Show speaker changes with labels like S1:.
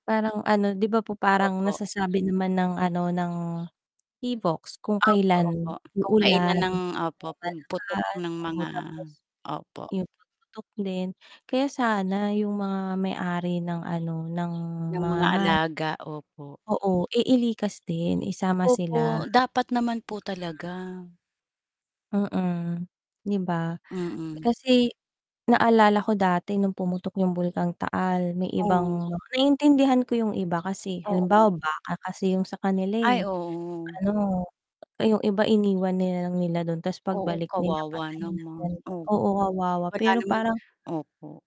S1: Parang ano 'di ba po? Parang
S2: Opo.
S1: nasasabi naman ng ano, ng PHIVOLCS kung
S2: Opo, opo.
S1: kailan
S2: Kung
S1: uulan
S2: kailan ang
S1: ng
S2: opo, pagputok
S1: malakas,
S2: ng
S1: oo,
S2: mga
S1: tapos,
S2: opo.
S1: yung pagputok din. kaya sana yung mga may ari ng ano, ng
S2: Ng
S1: mga
S2: mga
S1: hayop
S2: alaga, opo.
S1: oo, eh, ilikas din, isama sila.
S2: Opo, dapat naman po talaga.
S1: Mm, 'di ba?
S2: Mm.
S1: Kasi naalala ko dati nung pumutok yung Bulkang Taal, may
S2: Hmm.
S1: ibang naiintindihan ko yung iba kasi
S2: Oo.
S1: halimbawa baka kasi yung sa kanila
S2: Ay,
S1: eh,
S2: oo.
S1: ano yung iba iniwan nila lang nila dun tas
S2: Oo,
S1: pagbalik nila
S2: kawawa
S1: patay na
S2: naman,
S1: ganyan,
S2: opo
S1: oo, kawawa
S2: wala
S1: pero
S2: naman
S1: parang
S2: opo.